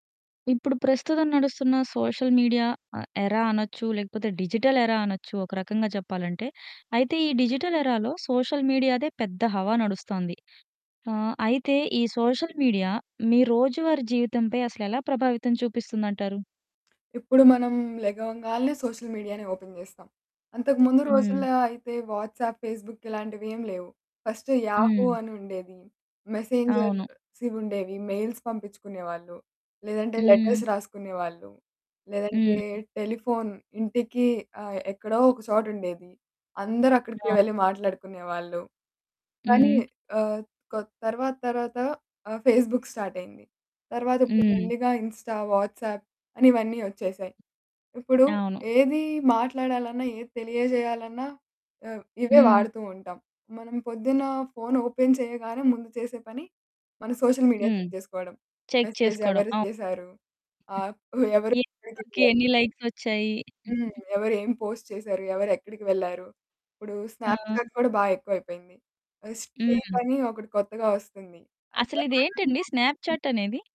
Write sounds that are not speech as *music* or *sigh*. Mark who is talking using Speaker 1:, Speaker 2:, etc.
Speaker 1: ఇప్పుడు ప్రస్తుతం నడుస్తున్న సోషల్ మీడియా ఆహ్, ఎరా అనొచ్చు. లేకపోతే డిజిటల్ ఎరా అనొచ్చు. ఒక రకంగా చెప్పాలంటే. అయితే ఈ డిజిటల్ ఎరాలో సోషల్ మీడియాదే పెద్ద హవా నడుస్తోంది. ఆహ్, అయితే ఈ సోషల్ మీడియా మీ రోజువారీ జీవితంపై అసలెలా ప్రభావితం చూపిస్తుందంటారు?
Speaker 2: *smacks lips* ఇప్పుడు మనం లెగవంగాల్నే సోషల్ మీడియానే ఓపెన్ జేస్తాం. అంతకు ముందు
Speaker 1: హ్మ్.
Speaker 2: రోజుల్లో అయితే వాట్సాప్, ఫేస్‌బుక్ ఇలాంటివేం లేవు. ఫస్ట్ యాహూ
Speaker 1: హ్మ్.
Speaker 2: అనుండేది.
Speaker 1: అవును.
Speaker 2: మెసెంజర్సివుండేవి. మెయిల్స్ పంపించుకునే వాళ్ళు. లేదంటే
Speaker 1: హ్మ్.
Speaker 2: లెటర్స్ రాసుకునే వాళ్ళు. లేదంటే
Speaker 1: హ్మ్.
Speaker 2: టెలిఫోన్ ఇంటికి ఆహ్, ఎక్కడో ఒక చోటుండేది. అందరు అక్కడికే
Speaker 1: అవును.
Speaker 2: వెళ్లి మాట్లాడుకునేవాళ్ళు. కానీ
Speaker 1: హ్మ్. *smacks lips*
Speaker 2: ఆహ్, క్ తర్వాత తర్వాత ఆహ్, ఫేస్‌బుక్ స్టార్ట్ అయింది. తర్వాత ఇప్పుడు
Speaker 1: హ్మ్.
Speaker 2: మెల్లిగా ఇన్‌స్టా, వాట్సాప్ అని ఇవన్నీ వచ్చేసాయి. ఇప్పుడు
Speaker 1: అవును.
Speaker 2: ఏది మాట్లాడాలన్నా ఏది తెలియజేయాలన్నా ఆహ్, ఇవే
Speaker 1: హ్మ్.
Speaker 2: వాడుతూ ఉంటాం. మనం పొద్దున్న ఫోన్ ఓపెన్ చేయగానే ముందు చేసే పని మన సోషల్ మీడియాని
Speaker 1: హ్మ్.
Speaker 2: చెక్ చేసుకోవడం.
Speaker 1: చెక్
Speaker 2: మెసేజ్
Speaker 1: చేసుకోవడం.
Speaker 2: ఎవరు
Speaker 1: అవ్
Speaker 2: చేసారు? ఆహ్, ఎవరు
Speaker 1: ఏ ఫోటోకి
Speaker 2: *unintelligible*
Speaker 1: ఎన్ని లైక్స్ వచ్చాయి.
Speaker 2: హ్మ్.
Speaker 1: *unintelligible*
Speaker 2: ఎవరేం పోస్ట్ చేసారు? ఎవరెక్కడికి వెళ్ళారు? ఇప్పుడు స్నాప్‌చాట్
Speaker 1: ఆ!
Speaker 2: కూడా బాగా ఎక్కువైపోయింది. ఎక్స్‌ట్రీమ్
Speaker 1: హ్మ్.
Speaker 2: అని ఒకటి కొత్తగా వస్తుంది.
Speaker 1: అసలు ఇదేంటండి
Speaker 2: *unintelligible*
Speaker 1: స్నాప్‌చాట్ అనేది?